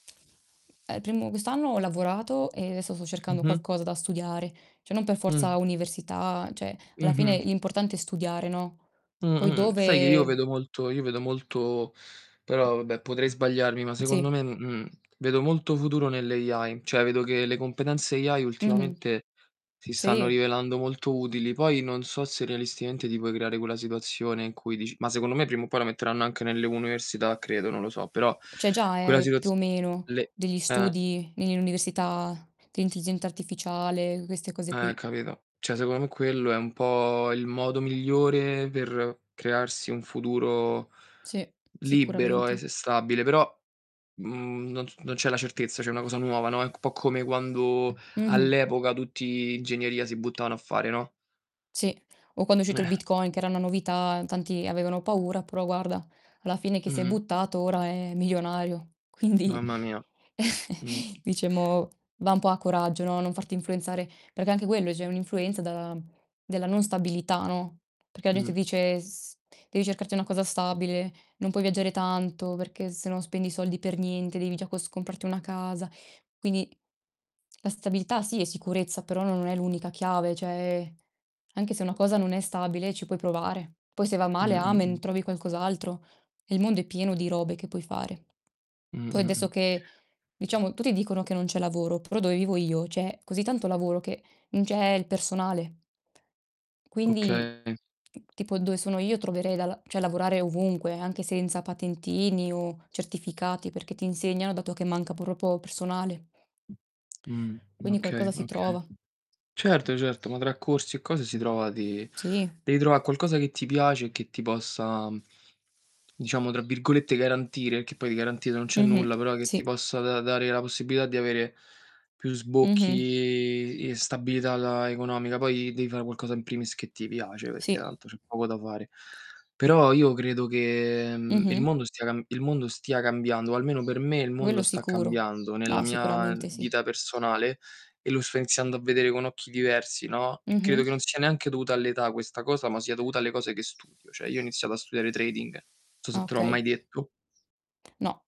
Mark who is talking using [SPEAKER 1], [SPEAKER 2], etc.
[SPEAKER 1] Eh, primo quest'anno ho lavorato e adesso sto cercando
[SPEAKER 2] Mh-hm.
[SPEAKER 1] qualcosa da studiare. Cioè non per
[SPEAKER 2] Mh.
[SPEAKER 1] forza università, cioè alla fine
[SPEAKER 2] Mh-mh.
[SPEAKER 1] l'importante è studiare, no, poi
[SPEAKER 2] Mh-mh. Sai che io
[SPEAKER 1] dove
[SPEAKER 2] vedo molto io vedo molto però vabbè, potrei sbagliarmi, ma secondo
[SPEAKER 1] Sì.
[SPEAKER 2] me, mhmm, vedo molto futuro nelle AI. Cioè vedo che le competenze AI
[SPEAKER 1] Mh-mh.
[SPEAKER 2] ultimamente si stanno
[SPEAKER 1] Sì.
[SPEAKER 2] rivelando molto utili. Poi non so se realisticamente ti puoi creare quella situazione in cui dici ma secondo me, prima o poi la metteranno anche nelle università credo, non lo so. Però
[SPEAKER 1] C'è già,
[SPEAKER 2] quella
[SPEAKER 1] eh,
[SPEAKER 2] situz
[SPEAKER 1] più o meno,
[SPEAKER 2] le
[SPEAKER 1] degli
[SPEAKER 2] eh.
[SPEAKER 1] studi in università de' intelligenza artificiale, queste cose
[SPEAKER 2] Eh,
[SPEAKER 1] qui.
[SPEAKER 2] capito. Cioè secon m quello è un po' il modo migliore per crearsi un futuro
[SPEAKER 1] Sì,
[SPEAKER 2] libero e s
[SPEAKER 1] sicuramente.
[SPEAKER 2] stabile. Però, mhmm, non non c'è la certezza, cioè è una cosa nuova, no, è un po' come quando
[SPEAKER 1] Mh-mh.
[SPEAKER 2] all'epoca tutti ingegneria si buttavano a fare, no?
[SPEAKER 1] Sì, o quando è uscito il
[SPEAKER 2] Eh.
[SPEAKER 1] Bitcoin che era una novità, tanti avevano paura, però guarda, alla fine chi si è
[SPEAKER 2] Mh-mh.
[SPEAKER 1] buttato ora è milionario. Quindi
[SPEAKER 2] Mamma mia. Mh.
[SPEAKER 1] diciamo, va un po' a coraggio, no, non farti influenzare. Perché anche quello cioè è un'influenza da della non stabilità, no, perché la gente
[SPEAKER 2] Mh.
[SPEAKER 1] dice: "S devi cercarti una cosa stabile, non puoi viaggiare tanto perché se no spendi i soldi per niente, devi già cos comprarti una casa". Quindi la stabilità sì, è sicurezza, però non è l'unica chiave. Cioè, anche se una cosa non è stabile ci puoi provare. Poi se va male amen,
[SPEAKER 2] Mh-mh-mh.
[SPEAKER 1] trovi qualcos'altro. Il mondo è pieno di robe che puoi fare. Poi adesso
[SPEAKER 2] Mh-mh-mh.
[SPEAKER 1] che, diciamo, tutti dicono che non c'è lavoro, però dove vivo io, c'è così tanto lavoro che non c'è il personale; quindi,
[SPEAKER 2] Okay.
[SPEAKER 1] tipo dove sono io troverei da la cioè lavorare ovunque, anche senza patentini o certificati, perché ti insegnano, dato che manca proprio personale.
[SPEAKER 2] Mh.
[SPEAKER 1] Quindi
[SPEAKER 2] Okay,
[SPEAKER 1] qualcosa si
[SPEAKER 2] okay.
[SPEAKER 1] trova.
[SPEAKER 2] Certo, certo, ma tra corsi e cose si trova di
[SPEAKER 1] Sì.
[SPEAKER 2] devi trovà qualcosa che ti piace e che ti possa, diciamo, tra virgolette, "garantire", che poi di garantito non c'è
[SPEAKER 1] Mh-mh.
[SPEAKER 2] nulla, però che ti
[SPEAKER 1] Sì.
[SPEAKER 2] possa da dare la possibilità di avere più
[SPEAKER 1] Mh-mh.
[SPEAKER 2] sbocchi e stabilità la economica. Poi devi fare qualcosa in primis che ti piace, perché
[SPEAKER 1] Sì.
[SPEAKER 2] tanto c'è poco da fare. Però io credo che, mhmm, il
[SPEAKER 1] Mh-mh.
[SPEAKER 2] mondo stia cam il mondo stia cambiando, o almeno per me il mondo
[SPEAKER 1] Quello
[SPEAKER 2] sta
[SPEAKER 1] sicuro.
[SPEAKER 2] cambiando, nella
[SPEAKER 1] No,
[SPEAKER 2] mia
[SPEAKER 1] sicuramente sì.
[SPEAKER 2] dita personale e lo sto iniziando a vedere con occhi diversi, no; e credo che
[SPEAKER 1] Mh-mh.
[SPEAKER 2] non sia neanche dovuta all'età questa cosa, ma sia dovuta alle cose che studio. Cioè io ho iniziato a studiare trading, so se te l'ho mai
[SPEAKER 1] Okay.
[SPEAKER 2] detto.
[SPEAKER 1] No.